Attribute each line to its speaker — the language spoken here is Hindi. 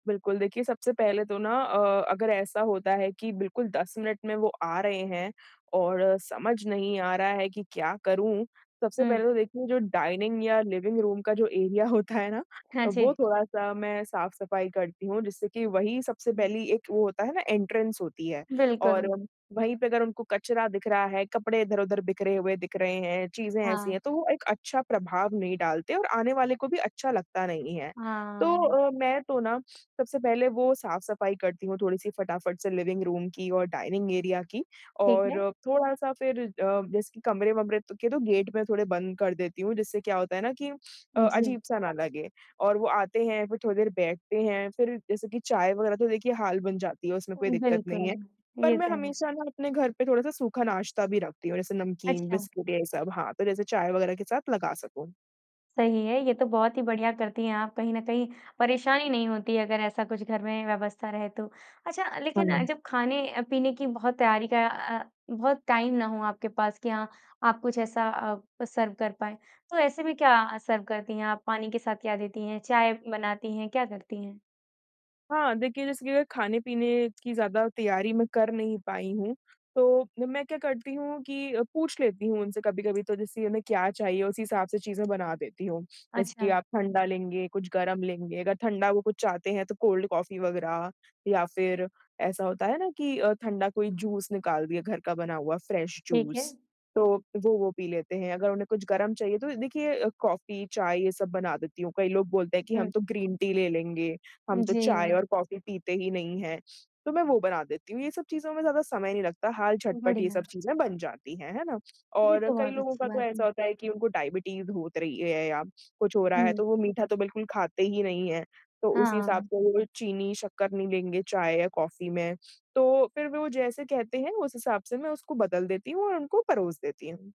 Speaker 1: बिल्कुल, देखिए सबसे पहले तो ना अ, अगर ऐसा होता है कि बिल्कुल 10 मिनट में वो आ रहे हैं और समझ नहीं आ रहा है कि क्या करूँ? सबसे पहले
Speaker 2: हुँ।
Speaker 1: तो देखिए जो डाइनिंग या लिविंग रूम का जो एरिया होता है ना,
Speaker 2: हाँ
Speaker 1: वो
Speaker 2: जी।
Speaker 1: थोड़ा-सा मैं साफ़-सफ़ाई करती हूँ जिससे कि वही सबसे
Speaker 2: हुँ।
Speaker 1: पहली एक वो होता है ना एंट्रेंस होती है। और
Speaker 2: बिल्कुल।
Speaker 1: वहीं पे अगर उनको कचरा दिख रहा है, कपड़े इधर-उधर बिखरे हुए दिख रहे हैं, चीज़ें ऐसी
Speaker 2: हाँ।
Speaker 1: हैं तो वो एक अच्छा प्रभाव नहीं डालते और आने वाले को भी अच्छा लगता नहीं है। तो
Speaker 2: हाँ।
Speaker 1: अ, मैं तो ना सबसे पहले वो साफ़-सफ़ाई करती हूँ थोड़ी-सी फटाफट से लिविंग रूम की और डाइनिंग एरिया की
Speaker 2: ठीक
Speaker 1: और
Speaker 2: है।
Speaker 1: थोड़ा-सा फिर अ, जैसे कमरे-वमरे त के तो गेट मैं थोड़े बंद कर देती हूँ जिससे क्या होता है ना कि अ,
Speaker 2: जी।
Speaker 1: अजीब-सा ना लगे। और वो आते हैं, फिर थोड़ी देर बैठते हैं फिर जैसे कि चाय वग़ैरह तो देखिए हाल बन जाती है, उसमें कोई दिक्कत
Speaker 2: बिल्कुल,
Speaker 1: नहीं है। पर
Speaker 2: ये
Speaker 1: मैं
Speaker 2: तो है।
Speaker 1: हमेशा ना अपने घर पे थोड़ा-सा सूखा नाश्ता भी रखती हूँ जैसे नमकीन,
Speaker 2: अच्छा।
Speaker 1: बिस्कुट ये सब। हाँ, तो जैसे चाय वग़ैरह के साथ लगा सकूँ।
Speaker 2: सही है। ये तो बहुत ही बढ़िया करती हैं आप कहीं न कहीं परेशानी नहीं होती है अगर ऐसा कुछ घर में व्यवस्था रहे तो। अच्छा लेकिन अ,
Speaker 1: हाँ।
Speaker 2: जब खाने अ, पीने की बहुत तैयारी का अ, बहुत टाइम ना हो आपके पास कि हाँ, आप कुछ ऐसा अ, सर्व कर पाएँ तो ऐसे भी क्या सर्व करती हैं? आप पानी के साथ क्या देती हैं? चाय बनाती हैं? क्या करती हैं?
Speaker 1: हाँ, देखिए जैसे कि अग खाने-पीने कि ज़्यादा तैयारी मैं कर नहीं पाई हूँ तो मैं क्या करती हूँ कि पूछ लेती हूँ उनसे कभी-कभी तो जैसे उन्हें क्या चाहिए, उसी हिसाब से चीज़ें बना देती हूँ। जैसे कि
Speaker 2: अच्छा।
Speaker 1: आप ठंडा लेंगे? कुछ गरम लेंगे? अगर ठंडा वो कुछ चाहते हैं तो कोल्ड कॉफ़ी वग़ैरह या फिर ऐसा होता है ना कि अ, ठंडा कोई जूस निकाल दिया, घर का बना हुआ फ्रेश
Speaker 2: ठीक
Speaker 1: जूस,
Speaker 2: है।
Speaker 1: तो वो वो पी लेते हैं। अगर उन्हें कुछ गरम चाहिए तो देखिए कॉफ़ी, चाय ये सब बना देती हूँ। कई लोग बोलते हैं कि हम
Speaker 2: हुँ।
Speaker 1: तो ग्रीन टी ले लेंगे, हम
Speaker 2: उ,
Speaker 1: तो चाय
Speaker 2: जी।
Speaker 1: और कॉफ़ी पीते ही नहीं है, तो मैं वो बना देती हूँ। ये सब चीज़ों में ज़्यादा समय नहीं लगता, हाल झटपट ये
Speaker 2: बढ़िया।
Speaker 1: सब चीज़ें बन जाती हैं, हैं ना?
Speaker 2: ये
Speaker 1: और
Speaker 2: तो
Speaker 1: कई
Speaker 2: बहुत
Speaker 1: लोगों
Speaker 2: अच्छी
Speaker 1: का तो
Speaker 2: बात है।
Speaker 1: ऐसा होता है कि उनको डायबिटीज़ होत रही है या कुछ हो रहा है,
Speaker 2: हुँ।
Speaker 1: तो वो मीठा तो बिल्कुल खाते ही नहीं हैं। तो उसी हिसाब
Speaker 2: हाँ।
Speaker 1: से वो चीनी, शक्कर नहीं लेंगे चाय या कॉफ़ी में, तो फिर वो जैसे कहते हैं उस हिसाब से मैं उसको बदल देती हूँ और उनको परोस देती हूँ।